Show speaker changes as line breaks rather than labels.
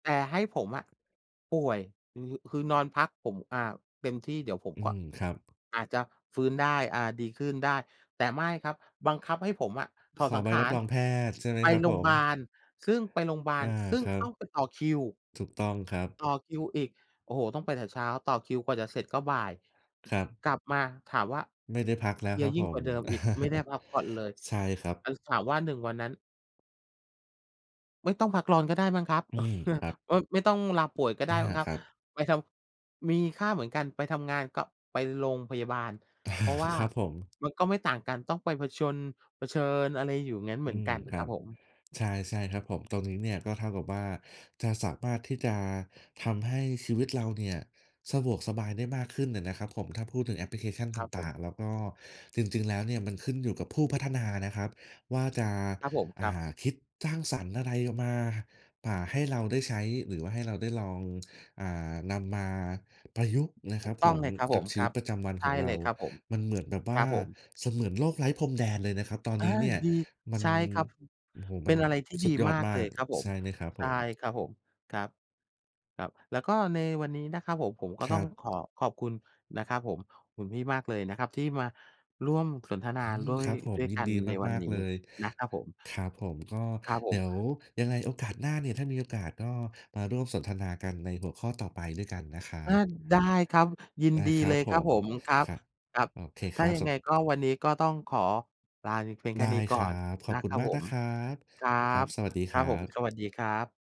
แต่ให้ผมอะป่วย อือ คือนอนพัก ผม อ่า เต็มที่ เดี๋ยวผม
อื
ก็
ม ครับ
อาจจะฟื้นได้ อ่า ดีขึ้นได้ แต่ไม่ครับ บังคับให้ผมอะถ
ข
อด
อ
สั
ใ
ง
บ
ข
รั
า
บ
ร
รองแพทย์ใช่ไหม
ไป
ครับ
โร
ผ
ง
ม?
บาล ซึ่งไปโรงบา
อ
ล
า
ซึ่
ค
ง
รั
ต้อ
บ
งไปต่อคิว
ถูกต้องครับ
ต่อคิวอีก โอ้โฮ ต้องไปแต่เช้า ต่อคิวกว่าจะเสร็จก็บ่าย
ครับ
กลับมาถามว่า
ไม่ได้พักแล
เพ
้ว
ลี
ค
ย
รับ
ยิ่
ผ
งกว
ม
่าเดิมอีก ไม่ได้พักผ่อนเลย
ใช่ครับ
ไอ้ ส ถามว่า 1 วันนั้น ไม่ต้องพักร้อนก็ได้มั้งครับ
อืม ครับ
โอ๊ย ไม่ต้องลาป่วยก็ไ
อ
ด้
า
มั้งคร
ค
ับ
รับ
ไปทำ มีค่าเหมือนกัน ไปทำงานก็ ไปโรงพยาบาล เพราะว่า
ครับผม
มันก็ไม่ต่างกัน ต้องไปผจญ เผชิญ อะไรอยู่อย่างงั้นเห
อื
มือน
ม
กัน
คร
คร
ั
ับ
บ
ผม
ใช่ ๆ ครับผม ตรงนี้เนี่ยก็เท่ากับว่าจะสามารถที่จะทำให้ชีวิตเราเนี่ยสะดวกสบายได้มากขึ้นน่ะนะครับผม ถ้าพูดถึงแอปพลิเคชัน
ค
ต
รับผ
่า
ม
ง ๆ แล้วก็ จริง ๆ แล้วเนี่ยมันขึ้นอยู่กับผู้พัฒนานะครับว่าจะ
ครับผมค
อ่
รับ
า คิดสร้างสรรค์อะไรออกมา อ่า ให้เราได้ใช้หรือว่าให้เราได้ลอง อ่า นำมาประยุกต์นะ
ถ
ค
ู
รั
ก
บ
ต
ผ
้อง
ม
เลย ครับผ
กับ
ม
ชี
คร
วิ
ั
ต
บ
ประจำวัน
ใช
ขอ
่
งเร
เล
า
ยครับผม
มันเหมือนแบบว
ค
่
ร
า
ับผม
เสมือนโลกไร้พรมแดนเลยนะครับตอน
อ่า
นี้เนี่ย
ดี
มั
ใ
น
ช่ครับ
โอ้โฮ
เ
ม
ป
ั
็
น
นอะไรที่
ส
ด
ุ
ี
ดยอ
ม
ด
าก
ม
เล
า
ย
ก
ครับผ
ใช
ม
่ไหมครับ
ใช
ผ
่
ม?
ครับผม ครับ ครับ แล้วก็ในวันนี้นะครับผม ผมก็
ค
ต้
ร
อ
ั
ง
บ
ขอขอบคุณนะครับผม คุณพี่มากเลยนะครับที่มาร่วมสนทนา
อื
โ
ม
ด้
ค
ย
รับผ
ด
ม
้วย
ยิ
ก
น
ั
ด
น
ี
ในวั
ม
น
าก
นี
ๆ เ
้
ลย
นะครับผม
ครับผม ก็
ครับผ
เดี๋
ม
ยวยังไงโอกาสหน้าเนี่ย ถ้ามีโอกาสก็มาร่วมสนทนากันในหัวข้อต่อไปด้วยกันนะครั
อา
บ
ได้ครับ ยิน
ได้
ดี
ครั
เล
บ
ย
ผ
ครับ
ม
ผม ครับ
ครับ
ครับ
โอเค
ถ
ค
้
ร
า
ับ
ยั
ส
งไ
ม
งก็ วันนี้ก็ต้องขอลาไปเพียงแ
ไ
ค
ด
่
้
นี้ก
ค
่
ร
อ
ั
น
บ ขอ
น
บ
ะ
คุ
ค
ณ
รับ
มาก
ผ
นะ
ม
ครับ
ครั
ครับ
บ
สวัสดี
ค
ค
รั
ร
บ
ั
ผม
บ
สวัสดีครับ